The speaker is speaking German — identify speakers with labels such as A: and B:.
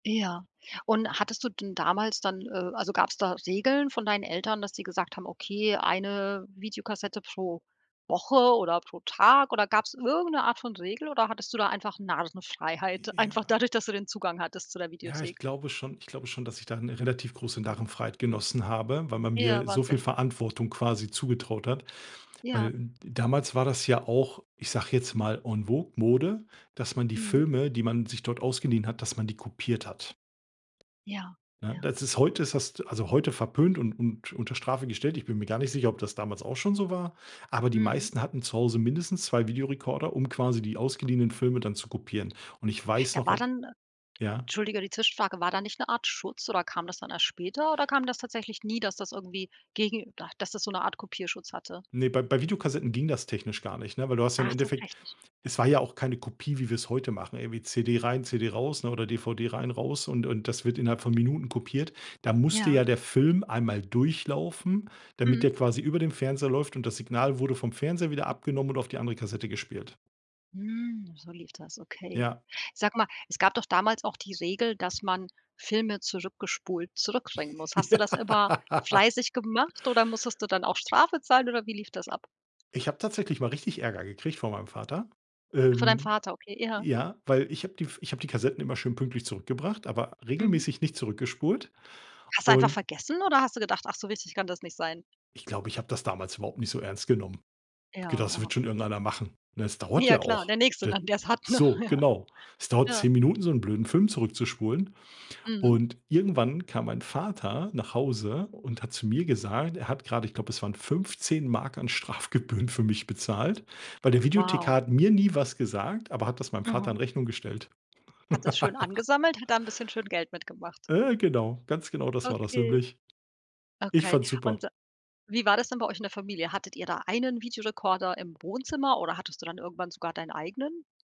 A: Ja. Und hattest du denn damals dann, äh also, gab's da Regeln von deinen Eltern, dass die gesagt haben: „Okay, eine Videokassette pro Woche oder pro Tag.“ Oder gab's irgend 'ne Art von Regel oder hattest du da einfach Narrenfreiheit,
B: J ja.
A: einfach dadurch, dass du den Zugang hattest zu der
B: Ja, ich
A: Videothek?
B: glaube schon ich glaube schon, dass ich da 'ne relativ große Narrenfreiheit genossen habe, weil man
A: Ja,
B: mir so viel
A: Wahnsinn.
B: Verantwortung quasi zugetraut hat.
A: Ja.
B: Weil damals war das ja auch, ich sage jetzt mal, en vogue, Mode, dass man die
A: Mhm.
B: Filme, die man sich dort ausgeliehen hat, dass man die kopiert hat.
A: Ja,
B: Ne,
A: ja.
B: das ist heute ist hast also, heute verpönt und und unter Strafe gestellt. Ich bin mir gar nicht sicher, ob das damals auch schon so war. Aber die
A: Mhm.
B: meisten hatten zu Hause mindestens 2 Videorekorder, um quasi die ausgeliehenen Filme dann zu kopieren. Und ich weiß
A: Da
B: noch
A: war
B: al
A: dann, äh
B: ja?
A: entschuldige, die Zwischenfrage, war da nicht 'ne Art Schutz oder kam das dann erst später oder kam das tatsächlich nie, dass das irgendwie gegen ah, dass das so 'ne Art Kopierschutz hatte?
B: Ne, bei bei Videokassetten ging das technisch gar nicht, ne? Weil du hast ja im
A: Ach,
B: Endeffekt
A: tatsächlich.
B: es war ja auch keine Kopie, wie wir's heute machen, irgendwie CD rein, CD raus, ne, oder DVD rein raus und und das wird innerhalb von Minuten kopiert. Da musste
A: Ja.
B: ja der Film einmal durchlaufen, damit
A: Mhm.
B: der quasi über dem Fernseher läuft und das Signal wurde vom Fernseher wieder abgenommen und auf die andere Kassette gespielt.
A: Hm, so lief das, okay.
B: Ja.
A: Sag mal, es gab doch damals auch die Regel, dass man Filme zurückgespult zurück bringen muss. Hast du das immer
B: Ja.
A: fleißig gemacht oder musstest du dann auch Strafe zahlen oder wie lief das ab?
B: Ich habe tatsächlich mal richtig Ärger gekriegt von meinem Vater.
A: Ach, für deinen
B: Ähm,
A: Vater, okay, ja.
B: ja weil ich habe die ich habe die Kassetten immer schön pünktlich zurückgebracht, aber
A: Mhm.
B: regelmäßig nicht zurückgespult.
A: Hast du einfach
B: Und
A: vergessen oder hast du gedacht: „Ach, so wichtig kann das nicht sein?“
B: Ich glaube, ich habe das damals überhaupt nicht so ernst genommen. Habe
A: Ja,
B: gedacht: „Das
A: ja.
B: wird schon irgendeiner machen“, ne? Es dauert
A: Ja
B: ja
A: klar,
B: auch.
A: der Nächste
B: D
A: dann, der's hat, ne,
B: so,
A: ja.
B: genau. Es dauert
A: Ja.
B: 10 Minuten, so 'n blöden Film zurück zu spulen
A: Mhm.
B: und irgendwann kam mein Vater nach Hause und hat zu mir gesagt, er hat gerade, ich glaube, es waren 15 Mark an Strafgebühren für mich bezahlt, weil der Videothekar
A: Wow.
B: hat mir nie was gesagt, aber hat das meinem Vater
A: Mhm.
B: in Rechnung gestellt.
A: Hat das schön angesammelt, hat da 'n bisschen schön Geld mitgemacht.
B: Äh, genau, ganz genaum das war das
A: Okay.
B: nämlich. Ich
A: Okay
B: fand's super.
A: und wie war das denn bei euch in der Familie? Hattet ihr da einen Videorekorder im Wohnzimmer oder hattest du dann irgendwann sogar deinen eigenen?